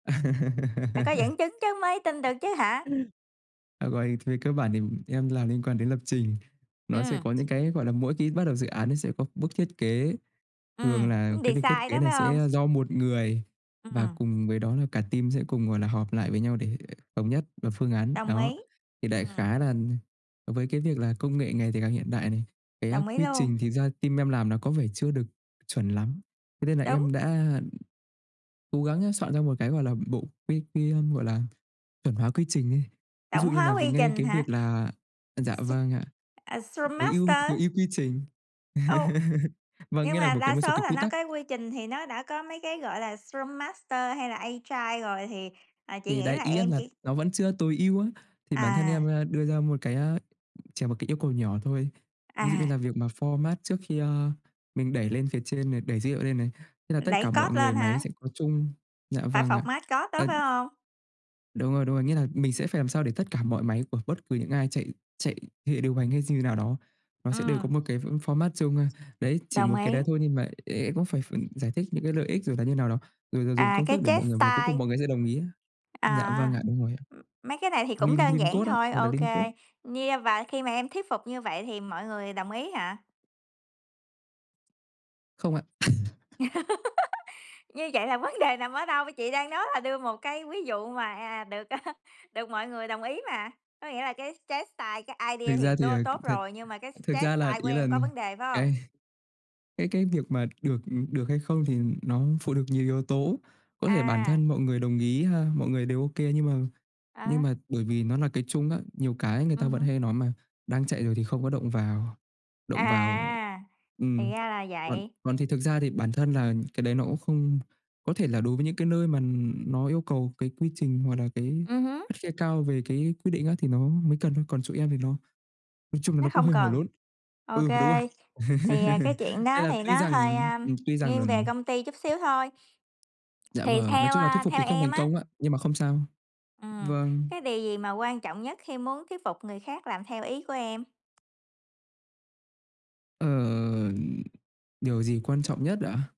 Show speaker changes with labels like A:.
A: Phải có dẫn chứng chứ mới tin được chứ hả?
B: Ừm. À, uầy, thì cơ bản thì em làm liên quan đến lập trình. Nó sẽ
A: Ừm.
B: có những cái, gọi là, mỗi khi bắt đầu dự án, nó sẽ có bước thiết kế, thường
A: Ừm,
B: là
A: muốn
B: cái
A: đì
B: việc thiết
A: xai
B: kế
A: đó,
B: này
A: phải
B: sẽ,
A: hông?
B: a, do 1 người, và
A: Ừm.
B: cùng với đó là cả team sẽ cùng, gọi là, họp lại với nhau để thống nhất và phương án
A: Đồng
B: đó.
A: ý.
B: Thì đại
A: Ừm.
B: khái là nh với cái việc là công nghệ ngày thì càng hiện đại này, cái, a,
A: Đồng ý
B: quy
A: luôn.
B: trình thì ra team em làm nó có vẻ chưa được chuẩn lắm, thế nên là
A: Đúng.
B: em đã, ừm, cố gắng á soạn ra một cái, gọi là, bộ quy quy, a, gọi là, chuẩn hoá quy trình ấy. Ví
A: Tổng
B: dụ như
A: hóa
B: là về
A: quy
B: ngay
A: trình
B: cái
A: hả?
B: việc là à, dạ,
A: S
B: vâng ạ,
A: à, Scrum
B: tối ưu
A: Master?
B: tối ưu quy trình,
A: Ô!
B: vâng,
A: Nhưng
B: nghĩa là
A: mà
B: một cái
A: đa
B: một số
A: số
B: cái
A: là
B: quy
A: nó
B: tắc.
A: có quy trình thì nó đã có mấy cái, gọi là, Scrum Master hay là Agile rồi, thì, à, chị
B: Thì
A: nghĩ
B: đấy,
A: là
B: ý
A: em
B: em là
A: chỉ
B: nó vẫn chưa tối ưu á. Thì bản thân em,
A: À.
B: a, đưa ra một cái, a, chờ một cái yêu cầu nhỏ thôi. Ví dụ như
A: À.
B: là việc mà format trước khi, a, mình đẩy lên phía trên này, đẩy dữ hiệu lên này, thế là tất
A: Đẩy
B: cả mọi
A: code
B: người
A: lên
B: máy
A: hả?
B: sẽ có chung dạ,
A: Phải
B: vâng ạ,
A: format code đó,
B: ờ
A: phải hông?
B: Đúng rồi, đúng rồi, nghĩa là mình sẽ phải làm sao để tất cả mọi máy của bất cứ những ai chạy chạy hệ điều hành hay dư thế nào đó, nó sẽ đều có
A: Ừm.
B: một cái fo format chung. A, đấy, chỉ
A: Đồng
B: một cái
A: ý.
B: đá thôi nhưng mà em em cũng phải phải giải thích những cái lợi ích rồi là như nào đó, rồi là dùng
A: À,
B: công
A: cái
B: thức để
A: chess
B: mọi người và cuối cùng
A: style.
B: mọi người sẽ đồng ý á. Dạ vâng
A: À,
B: ạ, đúng rồi ạ.
A: ừm, mấy cái này thì cũng
B: Lim
A: đơn
B: Lim
A: giản
B: code á,
A: thôi,
B: gọi là
A: ok.
B: Lim code.
A: Như và khi mà em thuyết phục như vậy thì mọi người đồng ý hả?
B: Không ạ.
A: Như vậy là vấn đề nằm ở đâu? Chị đang nói là đưa một cái ví dụ mà, à, được, à, được mọi người đồng ý mà, có nghĩa là cái chess style, cái
B: Thực
A: idea thì
B: ra thì,
A: tố
B: à,
A: tốt
B: thật
A: rồi, nhưng mà cái
B: thực
A: chess
B: ra là,
A: style của
B: ý là,
A: em có
B: nhờ
A: vấn đề phải hông?
B: cái cái cái việc mà được, ừm, được hay không thì nó phụ thuộc nhiều yếu tố. Có thể bản
A: À.
B: thân mọi người đồng ý ha, mọi người đều ok, nhưng mà nhưng
A: À.
B: mà bởi vì nó là cái chung á, nhiều cái người ta
A: Ừm
B: vẫn
A: hứm.
B: hay nói mà, đang chạy rồi thì không có động vào, động vào
A: À, thì
B: ừm.
A: ra là
B: Còn
A: vậy.
B: còn thì thực ra thì bản thân là cái đấy nó cũng không có thể là đối với những cái nơi mà, ừ, nó yêu cầu cái quy trình hoặc là cái
A: Ừm hứm.
B: khắt khe cao về cái quyết định á, thì nó mới cần thôi, còn chỗ em thì nó nói chung là
A: Nó
B: nó cũng
A: không
B: hơi hổ
A: cần.
B: lốn.
A: Ok.
B: Ừ, đúng rồi,
A: Thì, à, cái chuyện
B: nên
A: đó
B: là
A: thì
B: tuy
A: nó
B: rằng
A: hơi,
B: ừm,
A: a,
B: ừm, tuy rằng
A: nghiêng
B: là
A: về công ty chút xíu thôi.
B: Dạ
A: Thì
B: vâng, nói
A: theo,
B: chung là thuyết
A: a,
B: phục thì
A: theo
B: không
A: em
B: thành
A: á
B: công ạ, nhưng mà không sao.
A: Ừm,
B: Vâng.
A: cái điều gì mà quan trọng nhất khi muốn thuyết phục người khác làm theo ý của em?
B: Ờ, ừm, điều gì quan trọng nhất ạ?